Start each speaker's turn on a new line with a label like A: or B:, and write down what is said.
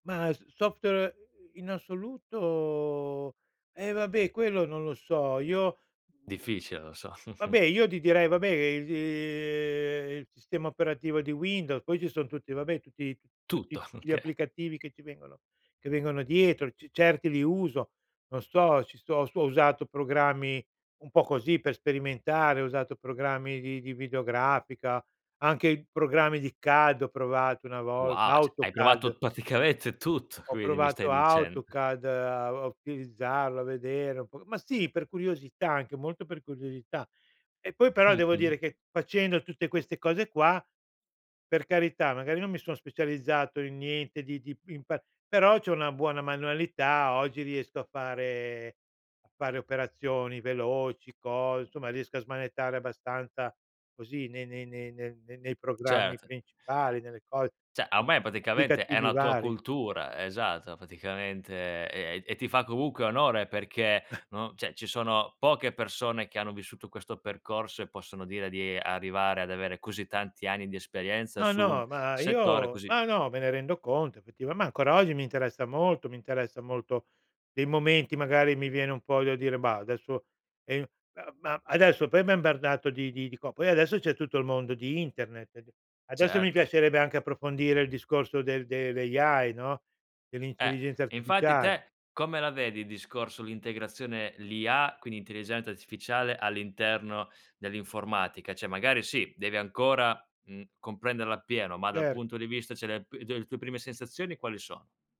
A: Ma s software, ehm, in assoluto eh, vabbè, quello non lo so. Io
B: Difficile, lo so.
A: vabbè, io di direi, vabbè, ehm, il sistema operativo di Windows, poi ci son tutti vabbè, tutti t tutti
B: Tutto,
A: tut gli
B: okay.
A: applicativi che ci vengono che vengono dietro, ce certi li uso. Non sto ci sto sto ho usato programmi un po' così per sperimentare, ho usato programmi di di videografica, anche i programmi di CAD ho provato, una volta,
B: Wow, cioè, hai
A: AutoCAD.
B: provato praticamente tutto,
A: Ho
B: quindi, mi stai
A: provato
B: dicend
A: AutoCad a a utilizzarlo, a vedere un po' ma sì, per curiosità, anche molto per curiosità. E poi, però, devo
B: Mh-mh.
A: dire che, facendo tutte queste cose qua, per carità, magari non mi son specializzato in niente di di in pa però c'ho una buona manualità. Oggi riesco a fare a fare operazioni veloci, cos insomma, riesco a smanettare abbastanza, così, nei nei nei nei nei programmi
B: Cert
A: principali, nelle cos
B: Cioè,
A: [unintelligible]
B: ormai, praticamente, è
A: applicativi
B: una tua
A: vari.
B: cultura esatto, praticamente, e ehm e ti fa comunque onore perché, no cioè, ci sono poche persone che hanno vissuto questo percorso e possono dire di arrivare ad avere così tanti anni di esperienza
A: No,
B: su un
A: no, ma
B: settore
A: io
B: così
A: ma no, me ne rendo conto, effettiva ma, ancora oggi, mi interessa molto mi interessa molto dei momenti, magari, mi viene un po' da dire: "Bah, adesso," ehm, ma ma adesso, poi, m'ha imbardato di di di co poi, adesso, c'è tutto il mondo di internet ed adesso mi
B: Certo.
A: piacerebbe anche approfondire il discorso del dell' AI, no,
B: Eh,
A: dell'intelligenza
B: infatti,
A: artificiale.
B: te, come la vedi, il discorso l'integrazione l'IA, quindi intelligenza artificiale, all'interno dell'informatica? Cioè, magari, sì, devi ancora, mhmm, comprenderla appieno, ma dal
A: Certo.
B: punto di vista cioè le p tue le tue prime sensazioni quali sono?